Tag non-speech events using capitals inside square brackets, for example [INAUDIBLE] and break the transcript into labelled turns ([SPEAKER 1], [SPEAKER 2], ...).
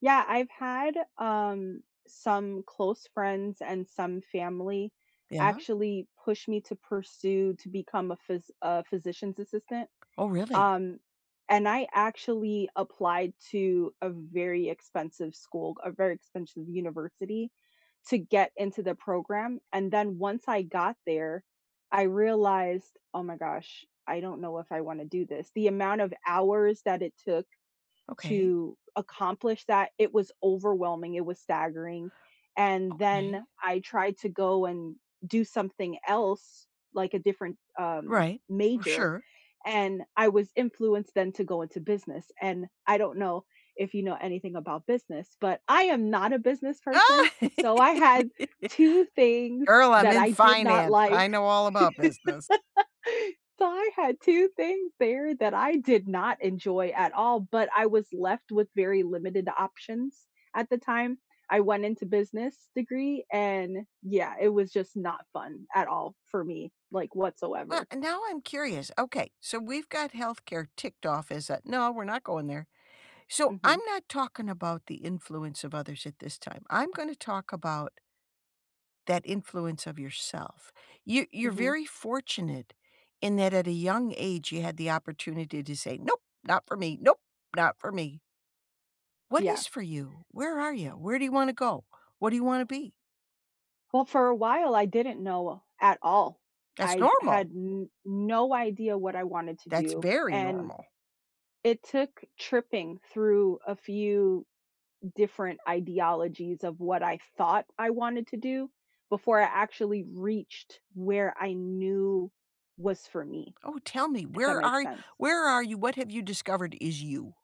[SPEAKER 1] Yeah, I've had, um, some close friends and some family
[SPEAKER 2] Yeah.
[SPEAKER 1] actually push me to pursue to become a phys uh, physician's assistant,
[SPEAKER 2] Oh, really?
[SPEAKER 1] um, and I actually applied to a very expensive school, a very expensive university, to get into the program, and then once I got there, I realized, "Oh my gosh, I don't know if I want to do this." The amount of hours that it took
[SPEAKER 2] Okay.
[SPEAKER 1] to accomplish that, it was overwhelming, it was staggering. And
[SPEAKER 2] Okay.
[SPEAKER 1] then I tried to go and do something else, like a different, um,
[SPEAKER 2] Right, r
[SPEAKER 1] major,
[SPEAKER 2] sure.
[SPEAKER 1] and I was influenced then to go into business, and I don't know if you know anything about business, but I am not a business person.
[SPEAKER 2] Ah!
[SPEAKER 1] So I had
[SPEAKER 2] [LAUGHS]
[SPEAKER 1] 2 things
[SPEAKER 2] Girl, I'm in
[SPEAKER 1] I did not
[SPEAKER 2] finance,
[SPEAKER 1] like.
[SPEAKER 2] I know all about business.
[SPEAKER 1] [LAUGHS] So I had 2 things there that I did not enjoy at all, but I was left with very limited options at the time. I went into business degree and, yeah, it was just not fun at all for me, like,
[SPEAKER 2] Wha
[SPEAKER 1] whatsoever.
[SPEAKER 2] and now I'm curious, okay, so we've got healthcare ticked off as a "No, we're not going there." So
[SPEAKER 1] Mhm.
[SPEAKER 2] I'm not talking about the influence of others at this time. I'm gonna talk about that influence of yourself. You you're
[SPEAKER 1] Mhm.
[SPEAKER 2] fortunate in that at a young age, you had the opportunity to say, "Nope, not for me, nope, not for me." What
[SPEAKER 1] Yeah.
[SPEAKER 2] is for you? Where are you? Where do you wanna go? What do you wanna be?
[SPEAKER 1] Well, for a while I didn't know at all.
[SPEAKER 2] That's
[SPEAKER 1] I n had
[SPEAKER 2] normal.
[SPEAKER 1] n no idea what I wanted to
[SPEAKER 2] That's
[SPEAKER 1] do,
[SPEAKER 2] very
[SPEAKER 1] and
[SPEAKER 2] normal.
[SPEAKER 1] it took tripping through a few different ideologies of what I thought I wanted to do before I actually reached where I knew was for me
[SPEAKER 2] Oh, tell me,
[SPEAKER 1] if that
[SPEAKER 2] where
[SPEAKER 1] makes
[SPEAKER 2] are
[SPEAKER 1] sen
[SPEAKER 2] where are you? What have you discovered is you?